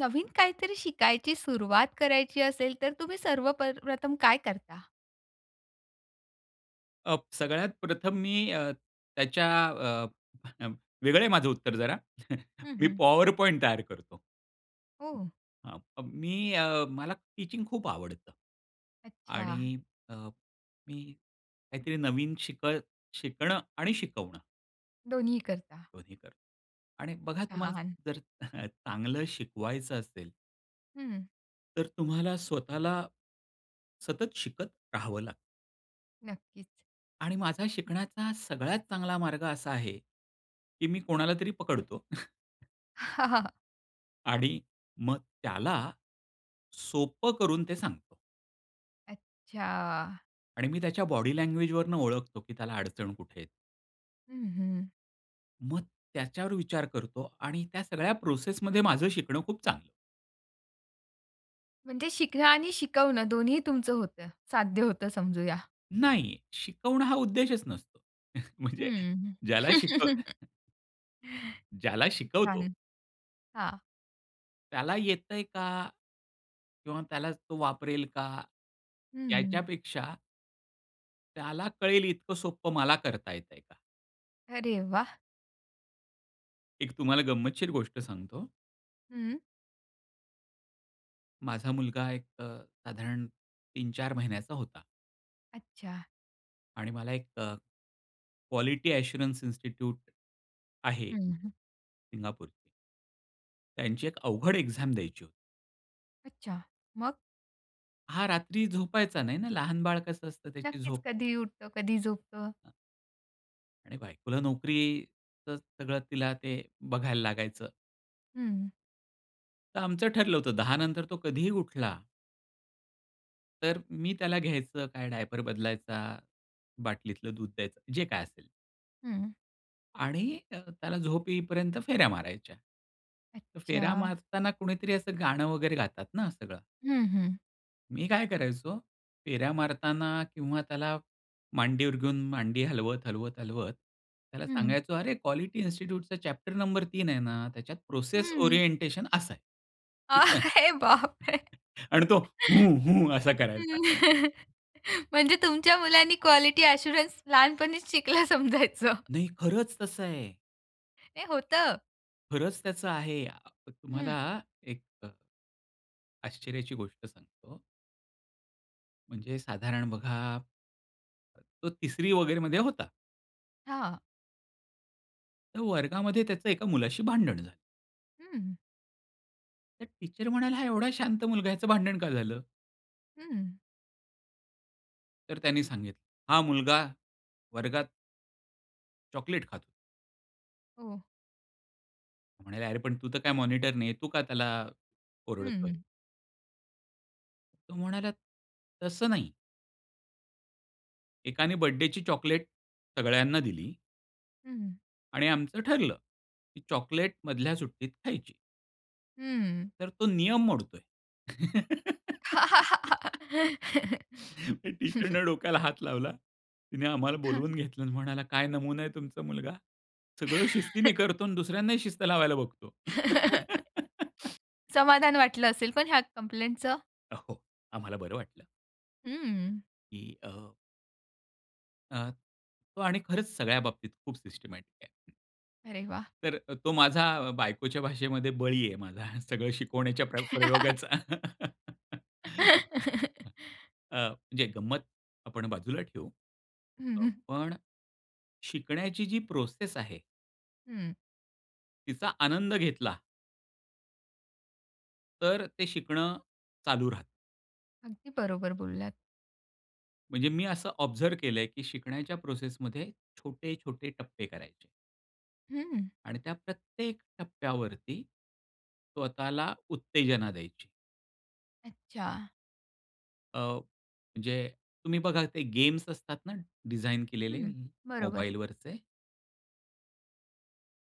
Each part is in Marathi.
नवीन काहीतरी शिकायची सुरुवात करायची असेल, तर तुम्ही सर्व प प्रथम काय करता? अ, प सगळ्यात प्रथम मी अ, त्याच्या अ, वेगळं आहे माझं उत्तर जरा, हं, मी हं. पॉवर पॉइंट तयार करतो. हो, हो. अ, मी मला टीचिंग खूप आवडतं आणि अच्छा. अ, अ, मी काहीतरी नवीन शिक शिकणं आणि शिकवणं दोन्ही करता. दोन्ही करतो आणि बघा तुम्हाला छान. जर, चांगलं शिकवायचं असेल हं. तर तुम्हाला स्वतःला, सतत शिकत राहावं लागतं. नक्कीच. आणि माझा शिकण्याचा सगळ्यात चांगला मार्ग असा आहे, की मी कोणाला तरी पकडतो. आणि मग त्याला सोपं करून ते सांगतो. अच्छा. आणि मी त्याच्या बॉडी लँग्वेजवरून ओळखतो, की त्याला अडचण कुठे आहे. हं, हं. मग, त्याच्यावर विचार करतो आणि त्या सगळ्या प्रोसेसमध्ये माझं शिकणं खूप चांगलं म्हणजे शिकणं आणि शिकवणं दोन्ही तुमचं होतं. साध्य होतं समजूया. नाही शिकवणं हा उद्देशच नसतो म्हणजे हं. ज्याला शिकव ज्याला शिकवतो छान. हां. त्याला येतंय का? किंवा त्यालाच तो वापरेल का? हं. याच्यापेक्षा त्याला कळेल इतकं सोप्पं मला करता येतंय का? अरे वाह! एक तुम्हाला गंमतशीर गोष्ट सांगतो. हं. माझा मुलगा एक अ, साधारण 3-4 महिन्याचा होता. अच्छा. आणि मला एक अ, क्वालिटी अश्युरन्स इन्स्टिट्यूट आहे. हं, हं. सिंगापूर त्यांची एक अवघड एक्झाम द्यायची होती. अच्छा. मग? हा रात्री झोपायचा नाही ना लहान बाळ कसं असतं त्याची नक्कीच झोप कधीही उठतो, कधी झोपतो. आणि बायकोला नोकरीचं सगळं तिला ते बघायला लागायचं. हं. तर आमचं ठरलं होतं 10 नंतर तो कधीही उठला तर मी त्याला घ्यायचं काय डायपर बदलायचा, बाटलीतलं दूध द्यायचं, जे काय असेल. हं. आणि अ, त्याला झोपे येईपर्यंत फेऱ्या मारायच्या. फेरा अच्छा. मारताना कुणीतरी असं गाणं वगैरे गातात ना सगळं. हं, हं. मी काय करायचो फेऱ्या मारताना किंवा त्याला मांडीवर घेऊन मांडी हलवत, हलवत, हलवत त्याला हं. सांगायचो, "अरे क्वालिटी इन्स्टिट्यूटचा चॅप्टर नंबर 3 आहे ना, त्याच्यात प्रोसेस हं. ओरिएंटेशन असं आहे. [unintelligible] अरे बाप रे! अन तो हू, हू, असा करायचा. हं, म्हणजे तुमच्या मुलांनी क्वालिटी अश्युरंस लहानपणीच शिकला समजायचं. नाही, खरंच तसं आहे. नाही, होतं. खरंच त्याचं आहे अ, हं. तुम्हाला एक अ, आश्चर्याची गोष्ट सांगतो. म्हणजे साधारण बघा, अ, तो 3री वगैरे मध्ये होता. हां. तर वर्गामध्ये त्याच एका मुलाशी भांडण झालं. हं. तर टीचर म्हणाल्या, "हा एवढा शांत मुलगा, याच भांडण का झालं?" हं. तर त्यांनी सांगितलं, "हा मुलगा वर्गात" चॉकलेट खातो. हो. म्हणाले, "अरे पण तू तर काय मॉनिटर नाही, तू का त्याला ओरडतोय?" हं. तो म्हणाला, "तसं नाही." एकाने बर्थडेची चॉकलेट सगळ्यांना दिली हं. आणि आमचं ठरलं, की चॉकलेट मधल्या सुट्टीत खायची. हम्म. "तर तो नियम मोडतोय." टीचरने डोक्याला हात लावला, तिने आम्हाला हां. बोलवून घेतलं आणि म्हणाला, "काय नमुना आहे तुमचा मुलगा. सगळं शिस्तीने करतो आणि दुसऱ्यांनाही शिस्त लावायला बघतो." समाधान वाटलं असेल. पण ह्या कंप्लेंटच? अ, हो. आम्हाला बरं वाटलं. हं. की अ अ, तो आणि खरंच सगळ्या बाबतीत खूप सिस्टमॅटिक आहे. अरे वाह! तर अ, तो माझा बायकोच्या भाषेमध्ये बळी आहे माझा. सगळं शिकवण्याच्या प्र प्रयोगाचा. अ, म्हणजे गंमत आपण बाजूला ठेवू हं, हं. पण शिकण्याची जी प्रोसेस आहे हं. तिचा आनंद घेतला. तर ते शिकणं चालू राहतं. अगदी बरोबर बोललात. म्हणजे मी असं ऑब्झर्व केलंय, की शिकण्याच्या प्रोसेस मध्ये छोटे-छोटे टप्पे करायचे. हं. आणि त्या प्रत्येक टप्प्यावरती, स्वतःला उत्तेजना द्यायची. अच्छा. अ, म्हणजे तुम्ही बघा ते गेम्स असतात ना डिझाइन केलेले हं, बरोबर. मोबाईलवरचे.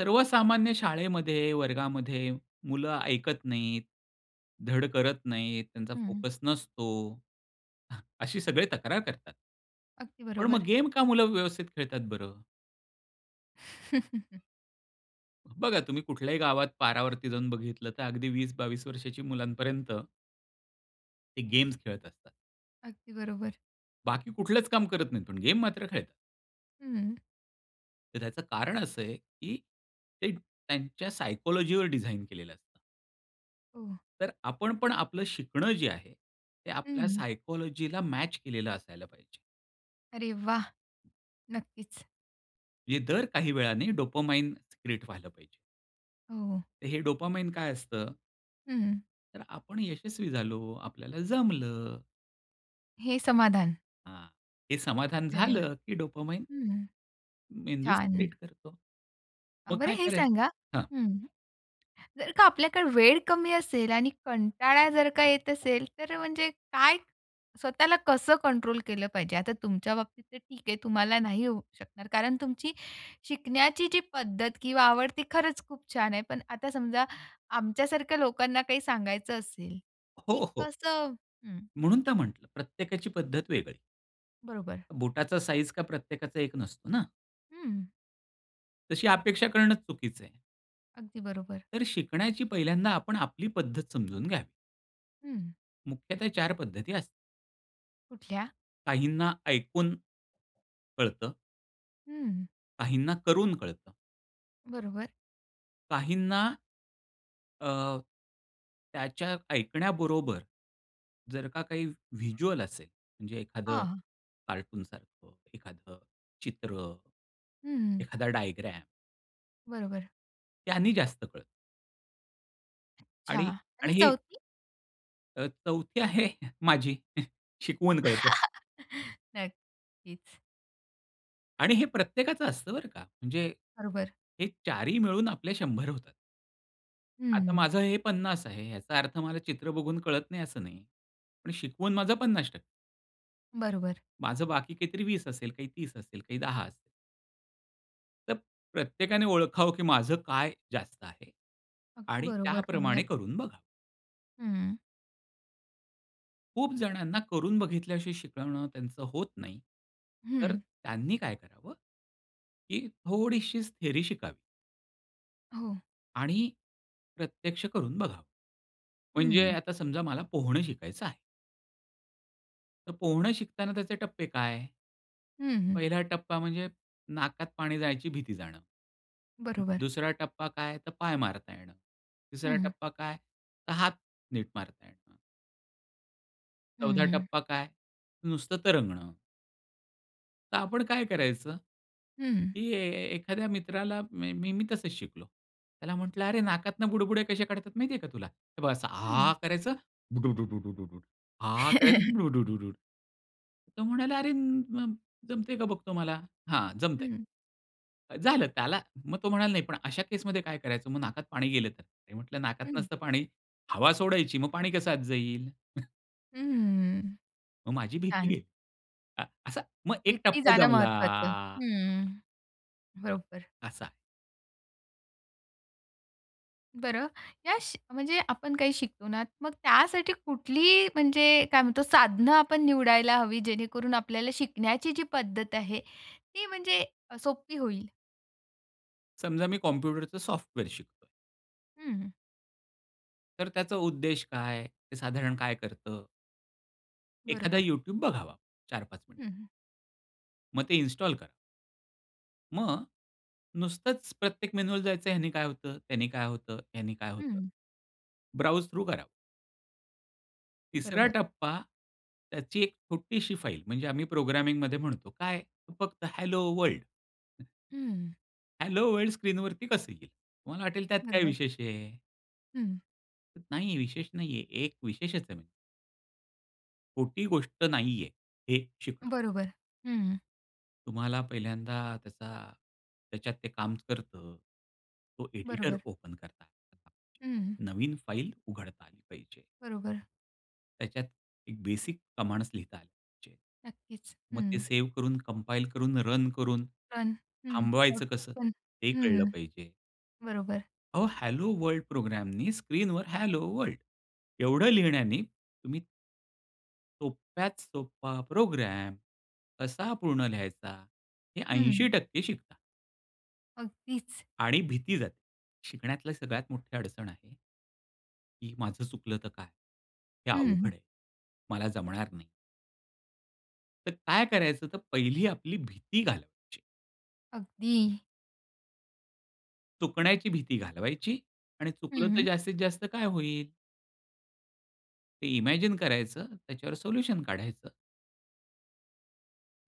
सर्वसामान्य शाळेमध्ये वर्गामध्ये मुलं ऐकत नाहीत, धड करत नाहीत, त्यांचा हं. फोकस नसतो. अशी सगळे तक्रार करतात. अगदी पण मग बरोबर. गेम का मुलं व्यवस्थित खेळतात बरं? बघा तुम्ही कुठल्याही गावात पारावरती जाऊन बघितलं तर अगदी 20-22 वर्षाच्या मुलांपर्यंत ते गेम्स खेळत असतात. अगदी बरोबर. बाकी कुठलंच काम करत नाहीत, पण गेम मात्र खेळतात. हं. तर त्याचं कारण असं आहे, की ते त्यांच्या सायकोलॉजीवर डिझाइन केलेलं असतं. हो. तर आपण पण आपलं शिकणं जे आहे, ते आपल्या हं. सायकॉलॉजिला मॅच केलेलं असायला पाहिजे. अरे वाह! नक्कीच. म्हणजे दर काही वेळाने डोपामिन सिक्रेट व्हायला पाहिजे. हो. तर हे डोपामिन काय असतं? हं. तर आपण यशस्वी झालो, आपल्याला जमलं. हे समाधान. हां, हे समाधान अरे वाह! झालं, की डोपामिन हं, मेंदू छान. सिक्रेट करतो. मग बरं काय हे सांगा करायचं हां. हं, जर का आपल्याकडे वेळ कमी असेल आणि कंटाळा जर का येत असेल, तर म्हणजे काय स्वतःला कसं कंट्रोल केलं पाहिजे? आता तुमच्या बाबतीत तर ठीक आहे, तुम्हाला नाही होऊ शकणार, कारण तुमची शिकण्याची जी पद्धत किंवा आवड ती खरंच खूप छान आहे. पण आता समजा आमच्यासारख्या लोकांना काही सांगायचं असेल की हो, हो. कसं हं. म्हणून तर म्हंटलं प्रत्येकाची पद्धत वेगळी. बरोबर. बुटाचा साईझ काही प्रत्येकाचा एक नसतो ना? हं. तशी अपेक्षा करणंच चुकीचं आहे. अगदी बरोबर. तर शिकण्याची पहिल्यांदा आपण आपली पद्धत समजून घ्यावी. हं. मुख्यतः 4 पद्धती अस कुठल्या? काहींना ऐकून कळतं. हं. काहींना करून कळतं. बरोबर. काहींना अ, त्याच्या ऐकण्याबरोबर, जर का काही व्हिज्युअल असेल, म्हणजे अ, एखादं हां. कार्टून सारखं, एखादं चित्र, हं. एखादा डायग्राम बरोबर. त्यांनी जास्त कळत. अच्छा आणि आणि आणि हे 4थी? अ, 4थी आहे, माझी शिकवून कळतं. नक्कीच. आणि हे प्रत्येकाचं असतं, बरं का. म्हणजे बरोबर. हे 4 ही मिळून आपल्या 100 होतात. आता हं. माझं हे 50 आहे, याचा अर्थ मला चित्र बघून कळत नाही असं नाही. पण शिकवून माझं 50% बरोबर. माझं बाकी काहीतरी 20 असेल, काही 30 असेल, काही 10 असेल. तर प्रत्येकाने ओळखावं, की माझं काय जास्त आहे अगदी आणि बरोबर त्याप्रमाणे बोललात. करून बघावं. हं. खूप जणांना करून बघितल्याशी शिकवणं त्यांचं होत नाही. तर अ, हं. त्यांनी काय करावं? की थोडीशीच थिअरी शिकावी. हो. आणि प्रत्यक्ष करून बघा. म्हणजे हं. आता समजा, मला पोहणं शिकायचं आहे. तर पोहणं शिकताना त्याचे टप्पे काय? हं, हं. पहिला टप्पा म्हणजे, नाकात पाणी जायची भीती जाणं. बरोबर. दुसरा टप्पा काय? तर पाय मारता येणं. तिसरा हं. टप्पा काय? तर हात नीट मारता येणं. हं, चौथा हं. टप्पा काय? नुसतं तरंगण. तर आपण काय करायचं, हं. की एखाद्या मित्राला मी मी तसंच शिकलो. त्याला म्हंटलं, "अरे, नाकातून बुडबुडे कसे काढतात, माहिती आहे का तुला? हे बघ असं आ हं. करायचं बुडूडूड, आ करायचं बुडूडूड." तो म्हणाला, "अरे, जमतंय का बघतो मला?" "हां, जमतंय." हं. अ, झालं. त्याला मग तो म्हणाला, "नाही, पण अशा केसमध्ये काय करायचं? मग नाकात पाणी गेलं तर?" मी म्हटलं, "नाकात हं. नसतं पाणी, हवा सोडायची, मग पाणी कसं आत जाईल?" हम्म, मग माझी भीती छान. गेली. अ, असा मग एक भीती टप्पा जाण जमला. महत्वाच हं, बरोबर. असा. बरं, या म्हणजे आपण काही शिकतो ना मग त्यासाठी कुठली म्हणजे काय म्हणतो साधनं आपण निवडायला हवी, जेणेकरून आपल्याला शिकण्याची जी पद्धत आहे ती म्हणजे सोप्पी होईल? समजा मी कॉम्प्युटरचं सॉफ्टवेअर शिकतोय.. हम्म. तर त्याचा उद्देश काय? ते साधारण काय करतं? एखादा बरोबर. You tube बघावा 4-5 मिनिट. हं. मग ते इन्स्टॉल करा. मग नुसतंच प्रत्येक मेनूवर जायचं ह्याने काय होतं, त्याने काय होतं? ह्याने काय होतं? हं. ब्राउझ थ्रू करावं. तिसरा बरोबर. टप्पा त्याची एक छोटीशी फाईल, म्हणजे आम्ही प्रोग्रामिंगमध्ये म्हणतो काय? फक्त हॅलो वर्ल्ड. हं. हॅलो वर्ल्ड स्क्रीनवरती कसं येईल? तुम्हाला वाटेल त्यात काय बरोबर. विशेष आहे? हं. नाही आहे. विशेष नाही आहे. एक विशेषच आहे म्ह खोटी गोष्ट नाहीये, हे शिकणं. बरोबर. हं. तुम्हाला पहिल्यांदा त्याचा त्याच्यात ते काम करतं. तो एडिटर बरोबर. ओपन करता [unintelligible] हं, हं. नवीन फाइल उघडता आली पाहिजे. बरोबर. त्याच्यात एक बेसिक कमांड्स लिहिता आले पाहिजेत. नक्कीच. मग ते हं. सेव्ह करून, कम्पाईल करून, रन करून, पण हं, थांबवायचं कसं, [unintelligible] ते हं, कळलं हं. पाहिजे. बरोबर. अहो, हॅलो वर्ल्ड प्रोग्रॅमनी, स्क्रीनवर हॅलो वर्ल्ड एवढं लिहिण्याने, तुम्ही सोप्यात सोपा प्रोग्राम कसा पूर्ण लिहायचा, हे ऐंशी हं. टक्के शिकतात. अगदीच. आणि भीती जाते. शिकण्यातलं सगळ्यात मोठी अडचण आहे, की माझं चुकलं तर काय? हे हं, हं. अवघड आहे. मला जमणार नाही. तर काय करायचं तर पहिली आपली भीती घालवायची. अगदी. चुकण्याची भीती घालवायची आणि हं, चुकलं तर हं. जास्तीत जास्त काय होईल? ते इमॅजिन करायचं. त्याच्यावर सोल्यूशन काढायचं.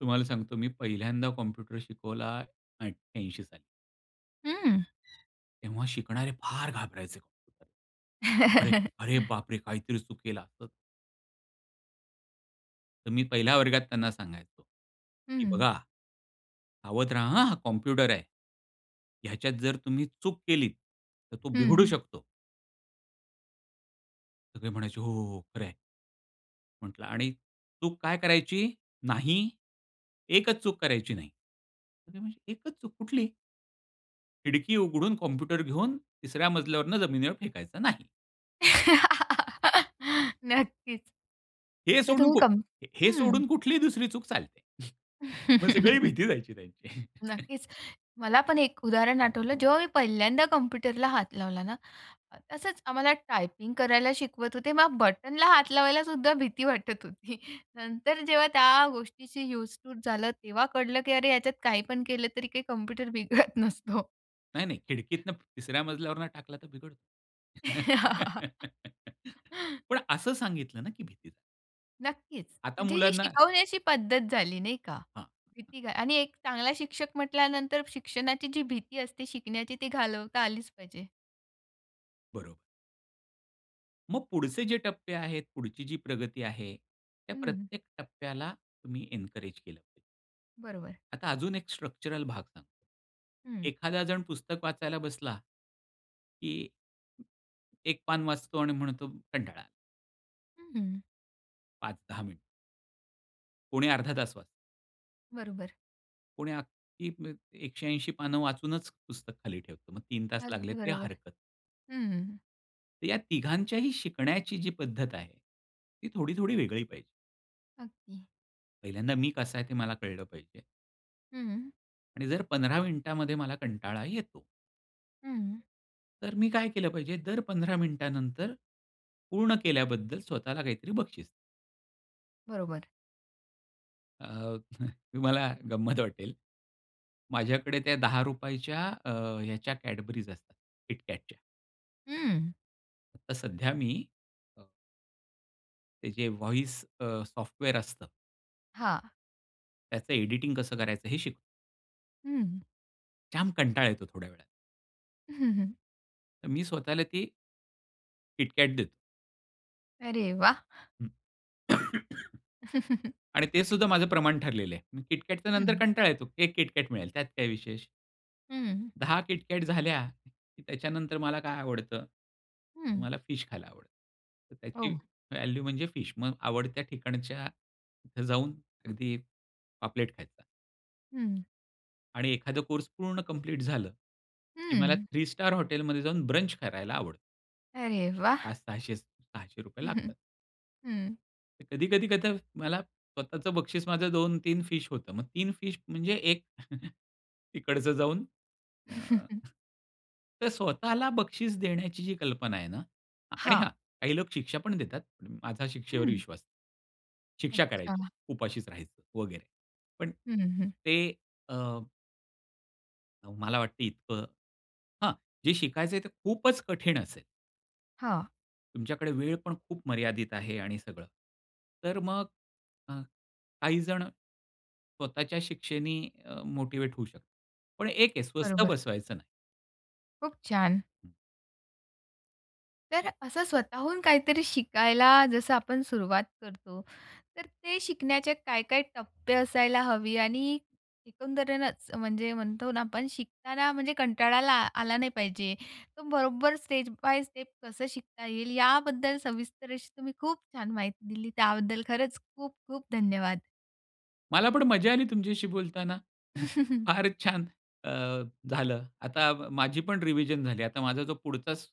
तुम्हाला सांगतो, मी पहिल्यांदा कॉम्प्युटर शिकवला 88 साली. हं. तेव्हा शिकणारे फार घाबरायचे. अरे, अरे बापरे! काहीतरी चुकेल! असं तर मी पहिल्या वर्गात त्यांना सांगायचो की हं. "बघा सावध राहा हां, हा कम्प्युटर आहे. ह्याच्यात जर तुम्ही चूक केली, तर तो बिघडू हं. शकतो." सगळे म्हणायचे, "हो, हो, हो. खरं आहे." म्हटलं, "आणि चूक काय करायची नाही. एकच चूक करायची नाही. म्हणजे एकच चूक कुठली?" खिडकी उघडून, कम्प्युटर घेऊन, तिसऱ्या मजल्यावरून जमिनीवर फेकायचा नाही. नक्कीच. हे अच्छा सोडून तुम्ही को कंप हे हं. सोडून कुठलीही दुसरी चूक चालते. मग सगळी भीती जायची त्यांची. नक्कीच. मला पण एक उदाहरण आठवलं जेव्हा मी पहिल्यांदा कम्प्युटरला हात लावला ना, तसंच आम्हाला टायपिंग करायला शिकवत होते मग बटनला हात लावायला सुद्धा भीती वाटत होती. नंतर जेव्हा त्या गोष्टीशी यूज टू झालं तेव्हा कळलं, की "अरे याच्यात काही पण केलं तरी काही कम्प्युटर बिघडत नसतो." नाही, नाही खिडकीतनं तिसऱ्या मजल्यावरून टाकला तर बिघडतो. पण असं सांगितलं ना की भीती नक्कीच. आता म्हणजे ही मुलांना शिकवण्याची पद्धत झाली, नाही का? हां. भीती ग आणि एक चांगला शिक्षक म्हटल्यानंतर शिक्षणाची जी भीती असते शिकण्याची, ती घालवता आलीच पाहिजे. बरोबर. मग पुढचे जे टप्पे आहेत, पुढची जी प्रगती आहे, त्या हं, हं. प्रत्येक टप्प्याला तुम्ही एन्करेज केलं पाहिजे. बरोबर. आता अजून एक स्ट्रक्चरल भाग सांगतो. हं. एखादा जण पुस्तक वाचायला बसला, की एक पान वाचतो आणि म्हणतो कंटाळा. हं, हं. 5-10 मिनिट. कोणी अर्धा तास वाचतं. बरोबर. कोणी अगदी म्हणजे 180 पानं वाचूनच पुस्तक खाली ठेवतो. मग 3 तास लागले अगदी तरी बरोबर, हरकत नाही. हम्म. तर या तिघांच्याही शिकण्याची जी पद्धत आहे, ती थोडी-थोडी वेगळी पाहिजे. अगदी. पहिल्यांदा मी कसा आहे ते मला कळलं पाहिजे हं. आणि जर 15 मिनिटामध्ये मला कंटाळा येतो हं. तर मी काय केलं पाहिजे, दर 15 मिनिटानंतर पूर्ण केल्याबद्दल स्वतःला काहीतरी बक्षीस. बरोबर. अ, तुम्हाला गंमत वाटेल. माझ्याकडे त्या ₹10 च्या अ, ह्याच्या कॅडबरीज असतात. KitKatच्या. हं. आता सध्या मी अ ते जे अ, व्हॉईस अ, सॉफ्टवेअर असतं. हां. त्याचं एडिटिंग कसं करायचं हे शिक हं. जाम कंटाळा येतो थोड्या वेळात. तर मी स्वतःला ती KitKat देतो. अरे वाह! हं. आणि ते सुद्धा माझं प्रमाण ठरलेलं आहे. KitKatच्या नंतर हं. कंटाळा येतो. 1 KitKat मिळेल. त्यात काय विशेष? हं. 10 KitKat झाल्या की त्याच्यानंतर मला काय आवडतं? तर हं. मला फिश खायला आवडतं. तर त्याची हो. व्हॅल्यू म्हणजे फिश. मग आवडत्या ठिकाणच्या इथं जाऊन अगदी पापलेट खायचा. हं. आणि एखादं कोर्स पूर्ण कम्प्लीट झालं की मला हं. थ्री स्टार हॉटेलमध्ये जाऊन ब्रंच करायला आवडतं. अरे वा! पाच 600 च ₹600 लागतात. हम्म. कधी-कधी कध मला स्वतःचं बक्षीस माझं 2-3 फिश होतं. मग 3 फिश म्हणजे 1 तिकडचं जाऊन अ, ह, तर स्वतःला बक्षीस देण्याची जी कल्पना आहे ना आणि हा हां. काही लोक शिक्षा, पण देतात माझा शिक्षेवर हं. विश्वास नाही. शिक्षा करायची, अच्छा. उपाशीच राहायचं वगैरे पण हं, हं. ते अ अहो मला वाटत इतकं हां, जे शिकायचं आहे ते खूपच कठीण असेल. हां. तुमच्याकडे वेळ पण खूप मर्यादित आहे आणि सगळं. तर मग अ, काही जणं स्वतःच्या शिक्षेनी अ, मोटिवेट होऊ शकतात पण एक आहे स्वस्थ बरोबर. बसवायचं नाही. खूप छान. तर असं स्वतःहून काहीतरी शिकायला जसं आपण सुरुवात करतो तर ते शिकण्याचे काय, काय टप्पे असायला हवी आणि एकंदरेनच म्हणजे म्हणतो ना आपण शिकताना म्हणजे कंटाळला आला नाही पाहिजे तर बरोबर स्टेप बाय स्टेप कसं शिकता येईल, याबद्दल सविस्तर असी तुम्ही खूप छान माहिती दिली त्याबद्दल खरंच खूप, खूप धन्यवाद. मला पण मजा आली तुमच्याशी बोलताना. फार छान अ, झालं. आता माझी पण रिव्हिजन झाली. आता माझा जो पुढचाच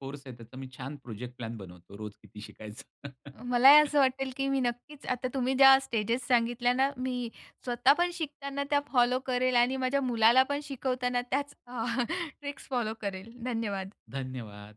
कोर्स आहे त्याचा मी छान प्रोजेक्ट प्लॅन बनवतो. रोज किती शिकायचं. मलाही असं वाटेल, की मी नक्कीच आता तुम्ही ज्या स्टेजेस सांगितल्या ना मी स्वतः पण शिकताना त्या फॉलो करेल आणि माझ्या मुलाला पण शिकवताना त्याच ट्रिक्स फॉलो करेल. धन्यवाद. धन्यवाद.